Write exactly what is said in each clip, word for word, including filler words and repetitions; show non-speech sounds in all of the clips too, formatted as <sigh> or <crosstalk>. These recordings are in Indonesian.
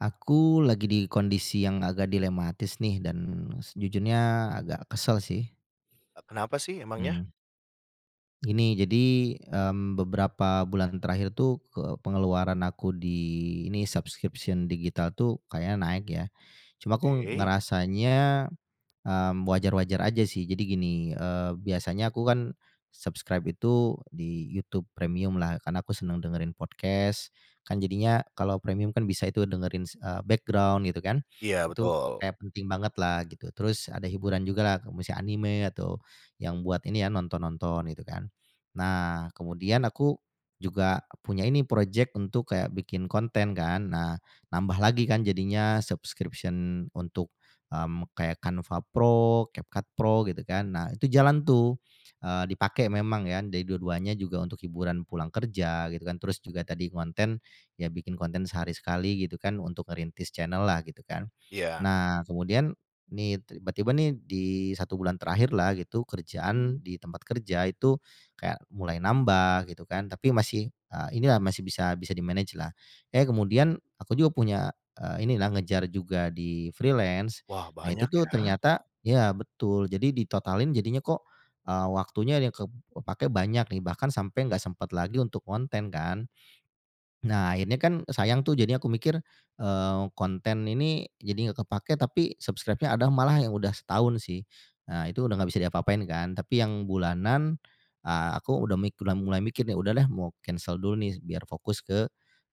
Aku lagi di kondisi yang agak dilematis nih dan sejujurnya agak kesel sih. E kenapa sih emangnya? Hmm. Gini, jadi, mmm, beberapa bulan terakhir itu ke pengeluaran aku di ini subscription digital itu kayaknya naik ya. Cuma aku Ke. ngerasanya, mmm, wajar-wajar aja sih. Jadi gini, eee, biasanya aku kan subscribe itu di YouTube Premiumlah karena aku senang dengerin podcast kan jadinya kalau premium kan bisa itu dengerin, eee, background gitu kan. Iya Itu betul. kayak penting bangetlah gitu. Terus ada hiburan jugalah misalnya anime atau yang buat ini ya nonton-nonton gitu kan. Nah, kemudian aku juga punya ini projek untuk kayak bikin konten kan. Nah nambah lagi kan jadinya subscription untuk, mmm, kayak Canva Pro, CapCut Pro gitu kan. Nah itu jalan tuh, eee, dipakai memang ya jadi dua-duanya juga untuk hiburan pulang kerja gitu kan. Terus juga tadi ngonten ya bikin konten sehari sekali gitu kan untuk ngerintis channel-lah gitu kan. Iya. Nah kemudian nih tiba-tiba nih di satu bulan terakhirlah gitu kerjaan di tempat kerja itu kayak mulai nambah gitu kan. Tapi masih, eee, inilah masih bisa bisa di-manage-lah, eee, kemudian aku juga punya, eee, inilah ngejar juga di freelance. Wah Nah itu banyak tuh ya. ternyata ya betul. Jadi ditotalin jadinya kok, eee, waktunya ada yang ke kepake banyak nih bahkan sampai enggak sempat lagi untuk konten kan. Nah akhirnya kan sayang tuh. Jadi aku mikir, eee, konten ini jadi enggak kepake, tapi subscribe-nya ada malah yang udah setahun sih. Nah itu udah enggak bisa diapa-apain kan. Tapi yang bulanan, eee, aku udah mik udah mulai mikir nih, "Udah deh mau cancel dulu nih biar fokus ke,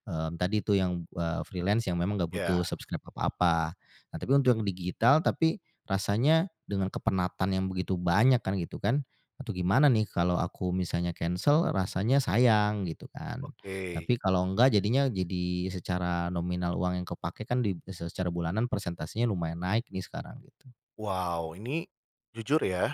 eee, tadi itu yang, eee, freelance yang memang enggak Ya. butuh subscribe apa-apa." eh tapi untuk yang digital, tapi rasanya dengan kepenatan yang begitu banyak kan gitu kan, atau gimana nih kalau aku misalnya cancel rasanya sayang gitu kan. Oke. Tapi kalau enggak jadinya jadi secara nominal uang yang kepake kan di secara bulanan persentasenya lumayan naik nih sekarang gitu. Wow, ini jujur ya,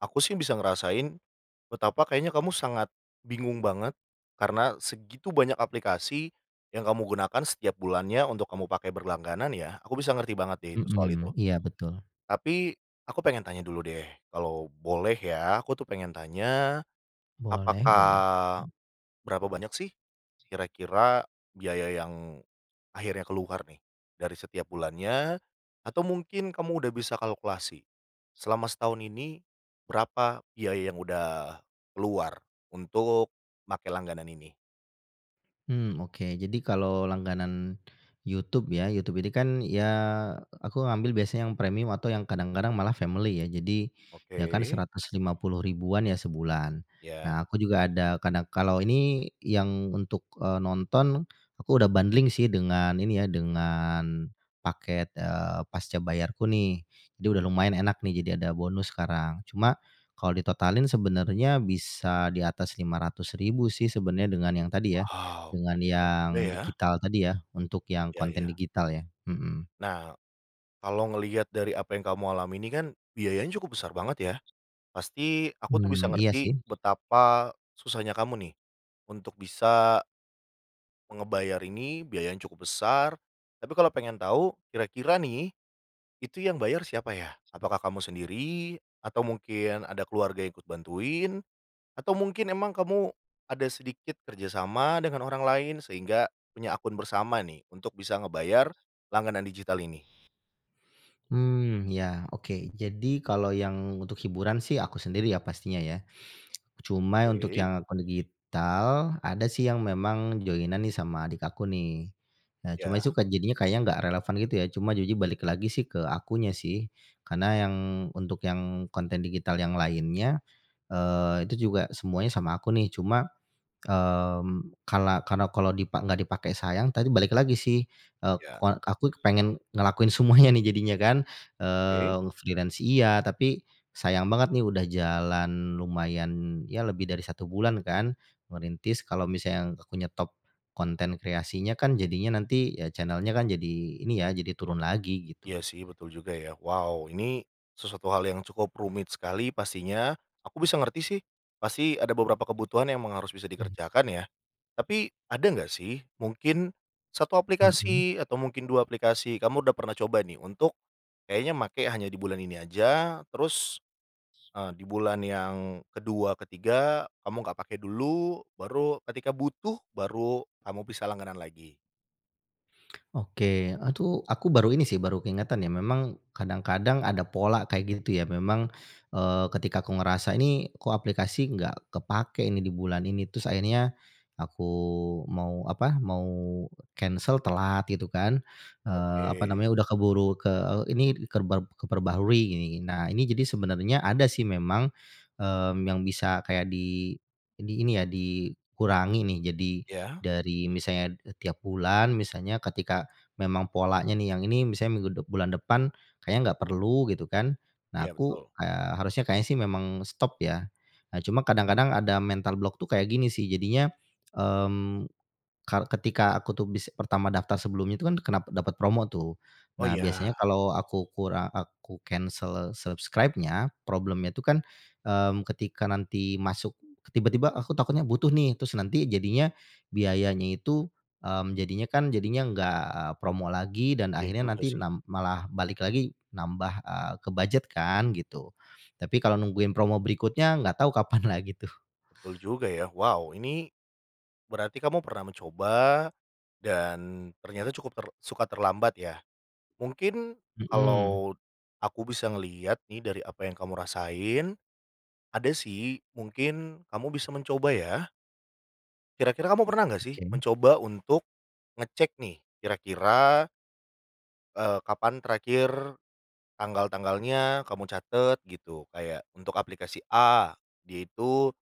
aku sih bisa ngerasain betapa kayaknya kamu sangat bingung banget, karena segitu banyak aplikasi yang kamu gunakan setiap bulannya untuk kamu pakai berlangganan, ya? Aku bisa ngerti banget deh itu soal itu. Mhm. Iya, betul. Tapi, aku pengen tanya dulu, deh. Kalau boleh ya, aku tuh pengen tanya, Boleh apakah boleh. Hmm. berapa banyak sih kira-kira biaya yang akhirnya keluar nih, dari setiap bulannya atau mungkin kamu udah bisa kalkulasi selama setahun ini, berapa biaya yang udah keluar untuk pakai langganan ini? Hmm, oke. Jadi kalau langganan YouTube ya, YouTube ini kan ya aku ambil biasanya yang premium atau yang kadang-kadang malah family, ya. Jadi, ya kan Oke. seratus lima puluh ribuan ya sebulan. Ya. Nah, aku juga ada, kadang kalau ini yang untuk, eee, nonton, aku udah bundling sih dengan ini ya, dengan paket, eee, pascabayarku nih. Jadi udah lumayan enak nih, jadi ada bonus sekarang. Cuma kalau ditotalin sebenarnya bisa di atas lima ratus ribu sih sebenernya dengan yang tadi ya, Wow, dengan mahal yang juga ya. digital tadi ya, untuk yang Iya konten iya. digital ya mhm. Nah, kalau ngelihat dari apa yang kamu alami ini kan, biayanya cukup besar banget, ya. Pasti aku tuh bisa Hmm. Iya, ngerti sih. betapa susahnya kamu nih untuk bisa Ngebayar ini biayanya cukup besar. Tapi kalau pengen tahu, kira-kira nih, itu yang bayar siapa, ya? Apakah kamu sendiri atau mungkin ada keluarga ikut bantuin? Atau mungkin emang kamu ada sedikit kerjasama dengan orang lain sehingga punya akun bersama nih, untuk bisa ngebayar langganan digital ini. Hmm ya, oke. Jadi kalau yang untuk hiburan sih, aku sendiri ya, pastinya, ya. Cuma ya untuk Oke. yang akun digital, ada sih yang memang join-an nih sama adik aku, nih. Nah, cuma Ya. itu kan jadinya kayaknya enggak relevan, gitu ya. Cuma ujung-ujungnya balik lagi sih ke akunya, sih. Karena yang untuk yang konten digital yang lainnya, eee, itu juga semuanya sama aku nih, cuma, mmm, kala karena kalau dipa enggak dipakai sayang tadi balik lagi sih, eee Ya. koa aku kepengen ngelakuin semuanya nih jadinya kan, Oke. eee freelance iya, tapi sayang banget nih udah jalan lumayan, ya lebih dari satu bulan kan ngerintis. Kalau misalnya aku nyetop konten kreasinya kan, jadinya nanti ya channel nya kan jadi ini ya, jadi turun lagi, gitu. Iya sih, betul juga, ya. Wow, ini sesuatu hal yang cukup rumit sekali pastinya, aku bisa ngerti sih, pasti ada beberapa kebutuhan yang emang harus bisa Hmm. dikerjakan ya. Tapi ada enggak sih? Mungkin satu Mhm. aplikasi atau mungkin dua aplikasi kamu udah pernah coba nih untuk kayaknya make hanya di bulan ini aja. Terus, eee, di bulan yang kedua ketiga kamu nggak pakai dulu, baru ketika butuh baru kamu bisa langganan lagi. Oke, eee, tuh aku baru ini sih baru keingatan ya, memang kadang-kadang ada pola kayak gitu, ya. Memang, eee, ketika aku ngerasa ini kok aplikasi enggak kepake ini di bulan ini, terus akhirnya aku mau, apa, mau kensel telat, gitu kan. Eee, apa Oke. namanya udah keburu ke e init kerberp keperbaharui gini gin nah, ini jadi sebenarnya ada sih memang, mmm, yang bisa kayak di ini ini ya, dikurangi nih, jadi Ya? dari misalnya e tiap bulan, misalnya ketika memang polanya nih yang ini misalnya minggu dep bulan depan kayaknya enggak perlu, gitu kan. Nah, Iya, aku, betul. eee, harusnya kayaknya sih memang stop, ya. Nah, cuma kadang-kadang ada mental block tuh kayak gini sih, jadinya, mmm, kal ketika aku tuh bis pertama daftar sebelumnya itu kan kena pat dapat promo, tuh. Oh, Nah, iya. biasanya kalau aku kura aku kensel subscribe-nya, problem-nya itu kan, mmm, ketika nanti masuk tiba-tiba aku takutnya butuh nih, terus nanti jadinya biayanya itu, mmm, jadinya kan jadinya enggak, eee, promo lagi dan Iya akhirnya juga, nanti sih. nam malah balik lagi nambah, eee, ke bujet kan, gitu. Tapi kalau nungguin promo berikutnya, enggak tahu kapan lagi, tuh. Betul juga ya. Wow, ini berarti kamu pernah mencoba dan ternyata cukup ter suka terlambat, ya. Mungkin Mhm. kalau aku bisa ngelihat nih dari apa yang kamu rasain. Ada sih, mungkin kamu bisa mencoba, ya. Kira-kira kamu pernah nggak sih, Oke. mencoba untuk ngecek nih kira-kira eee, kapan terakhir tanggal-tanggalnya kamu catet gitu, kayak untuk aplikasi A, dia itu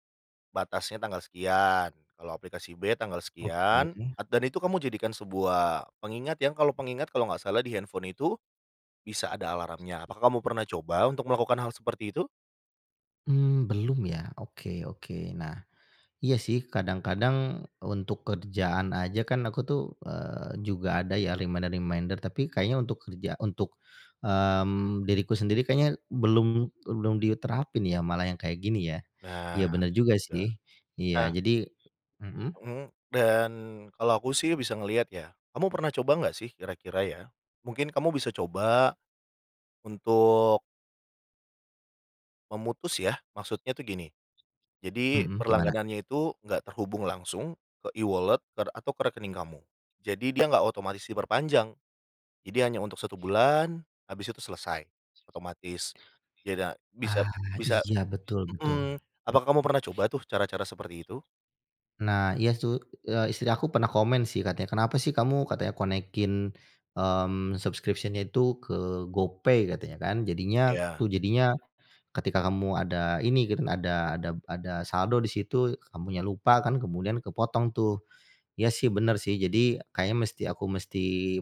batasnya tanggal sekian, kalau aplikasi B tanggal sekian, Oke. at dan itu kamu jadikan sebuah pengingat yang kalau pengingat kalau nggak salah di handphone itu, bisa ada alarmnya. Apakah kamu pernah coba untuk melakukan hal seperti itu? Mmm, belum ya? Oke oke. Nah, iya sih, kadang-kadang untuk kerjaan aja kan aku tuh, eee, juga ada ya reminder-reminder, tapi kayaknya untuk kerja untuk, mmm, diriku sendiri kayaknya belum belum diterapin ya, malah yang kayak gini ya. Nah, Iya bener betul juga juga. sih. Iya, Nah jadi mmm? Mmm, dan kalau aku sih bisa ngeliat ya. Kamu pernah coba nggak sih? Kira-kira ya mungkin kamu bisa coba, untuk memutus ya, maksudnya tuh gini. Jadi Mhm, gimana? berlangganannya itu nggak terhubung langsung ke E-wallet ter atau ke rekening kamu. Jadi dia nggak otomatis diperpanjang. Jadi hanya untuk satu bulan habis itu selesai, otomatis. Yeda bisa Ah bisa iya, betul betul. mmm. Apakah kamu pernah coba tuh cara-cara seperti itu? Nah, iya su eee, istri aku pernah komen sih katanya, "Kenapa sih kamu," katanya "connect-in, mmm, subscription-nya itu ke GoPay," katanya kan. "Jadinya tuh Iya. jadinya ketika kamu ada ini gitu kan, ada ada b ada saldo di situ, kamunya lupa kan, kemudian kepotong tuh." Iya sih benar sih, jadi kayaknya mesti aku mesti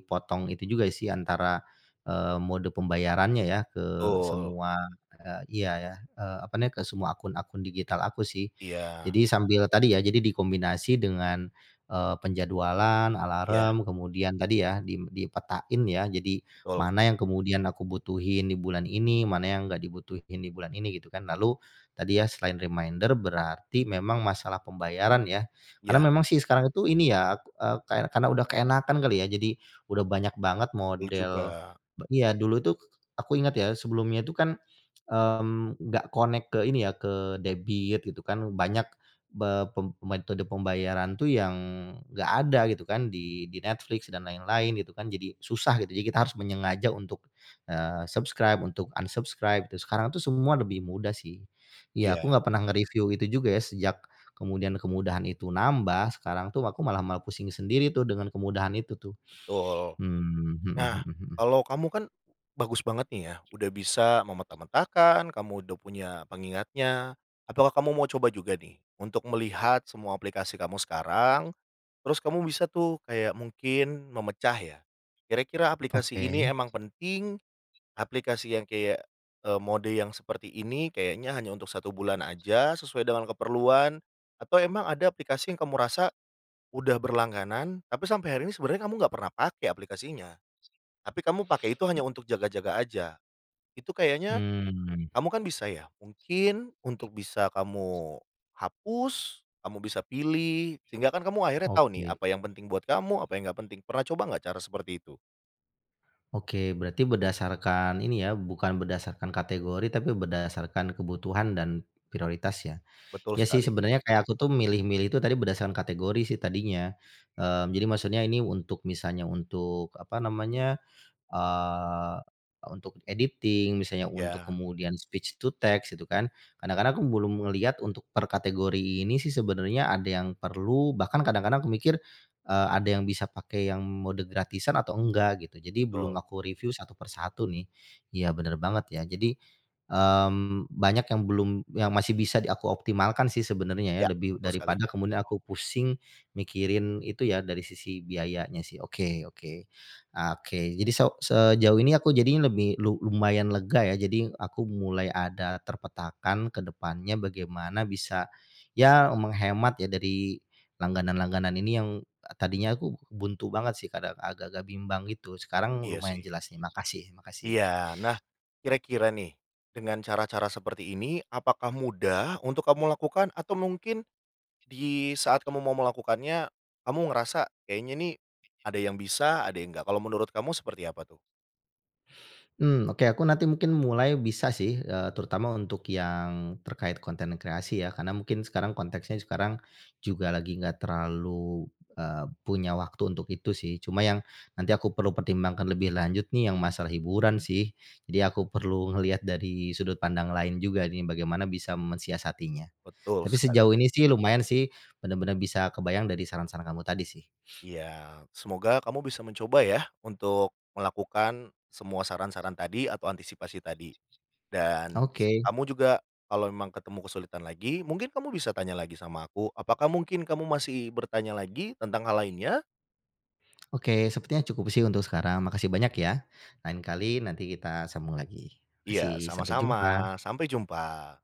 potong itu juga sih antara, eee, mode pembayarannya ya ke Betul. semua eee, iya ya, eee, apa nih, ke semua akun-akun digital aku sih. Iya. Jadi sambil tadi ya jadi dikombinasi dengan, eee, penjadwalan, Ya. alarm, kemudian tadi ya, dim dipetain ya, jadi Betul. mana yang kemudian aku butuhin di bulan ini, mana yang nggak dibutuhin di bulan ini gitu kan. Lalu tadi ya, selain reminder, berarti memang masalah pembayaran ya. Karena Iya. memang sih sekarang itu ini ya, k eee, kar karena udah keenakan kali ya, jadi udah banyak banget Betul model juga. be iya, dulu tuh aku inget ya, sebelumnya tuh kan, mmm, nggak connect ke ini ya, ke debit gitu kan. Banyak be pem metode pembayaran tuh yang nggak ada gitu kan di di Netflix dan lain-lain gitu kan. Jadi susah gitu, jadi kita harus menyengaja untuk, eee, subscribe untuk un-subscribe tuh. Sekarang tuh semua lebih mudah sih. Iya, aku nggak Iya. pernah nge-review itu juga ya, sejak kemudian kemudahan itu nambah. Sekarang tuh aku malah malah pusing sendiri tuh dengan kemudahan itu tuh. Betul, Hmm. Hmm nah hmm hmm. kalau kamu kan bagus banget nih ya udah bisa memeta-metakan, kamu udah punya pengingatnya. Apakah kamu mau coba juga nih untuk melihat semua aplikasi kamu sekarang, terus kamu bisa tuh kayak mungkin memecah ya. Kira-kira aplikasi Oke. ini emang penting aplikasi yang kayak, eee, mode yang seperti ini kayaknya hanya untuk satu bulan aja sesuai dengan keperluan, atau emang ada aplikasi yang kamu rasa udah berlangganan, tapi sampai hari ini sebenarnya kamu nggak pernah pake aplikasinya. Tapi kamu pake itu hanya M untuk jaga-jaga aja. Itu kayaknya Mmm. kamu kan bisa ya, mungkin untuk bisa kamu hapus, kamu bisa pilih sehingga kan kamu akhirnya tau nih Oke. apa yang penting buat kamu, apa yang nggak penting. Pernah coba nggak cara seperti itu? Oke, berarti berdasarkan ini ya, bukan berdasarkan kategori, tapi berdasarkan kebutuhan dan prioritas, ya. Betul Iya sih, sekali. sebenarnya kayak aku tuh milih-milih itu tadi berdasarkan kategori sih tadinya. Eee Jadi maksudnya ini untuk misalnya untuk, apa namanya, eee, untuk editing misalnya, untuk Ya. kemudian speech to text gitu kan. Kadang-kadang aku belum ngelihat untuk per kategori ini sih sebenarnya ada yang perlu, bahkan kadang-kadang aku mikir, eee, ada yang bisa pakai yang mode gratisan atau enggak, gitu. Jadi belum Betul. aku reviu satu per satu, nih. Iya, bener banget, ya. Jadi, mmm, banyak yang belum yang masih bisa di aku optimalkan sih sebenarnya ya, Ya, lebih betul sekali. daripada kemudian aku pusing mikirin itu ya, dari sisi biayanya, sih. Oke oke. Ah, oke, jadi so sejauh ini aku jadinya lebih lu lumayan lega, ya. Jadi, aku mulai ada terpetakan ke depannya bagaimana bisa ya, menghemat ya, dari langganan-langganan ini yang tadinya aku buntu banget sih, kadang agak-agak bimbang, gitu. Sekarang Iya lumayan sih. jelas sih. Makasih makasih. Iya. Nah, kira-kira nih, dengan cara-cara seperti ini apakah mudah untuk kamu lakukan? Atau mungkin di saat kamu mau melakukannya, kamu ngerasa kayaknya nih ada yang bisa ada yang enggak. Kalau menurut kamu seperti apa tuh? Hmm, oke, aku nanti mungkin mulai bisa sih, eee, terutama untuk yang terkait konten kreasi ya, karena mungkin sekarang konteksnya sekarang juga lagi enggak terlalu eee punya waktu untuk itu, sih. Cuma yang nanti aku perlu pertimbangkan lebih lanjut nih yang masalah hiburan, sih. Jadi aku perlu ngelihat dari sudut pandang lain juga nih, bagaimana bisa mensiasatinya. Betul Tapi sekali. sejauh ini sih lumayan sih, bener-bener bisa kebayang dari saran-saran kamu tadi, sih. <snorts> Ya. Semoga kamu bisa mencoba ya, untuk melakukan semua saran-saran tadi atau antisipasi tadi. Dan Oke. kamu juga kalau memang ketemu kesulitan lagi, mungkin kamu bisa tanya lagi sama aku. Apakah mungkin kamu masih bertanya lagi tentang hal lainnya? <inhales> Oke, sepertinya cukup sih, untuk sekarang. Makasih banyak, ya. Lain kali nanti kita sambung lagi. Iya, Makasih, sampai sama-sama. jumpa! Sampai jumpa.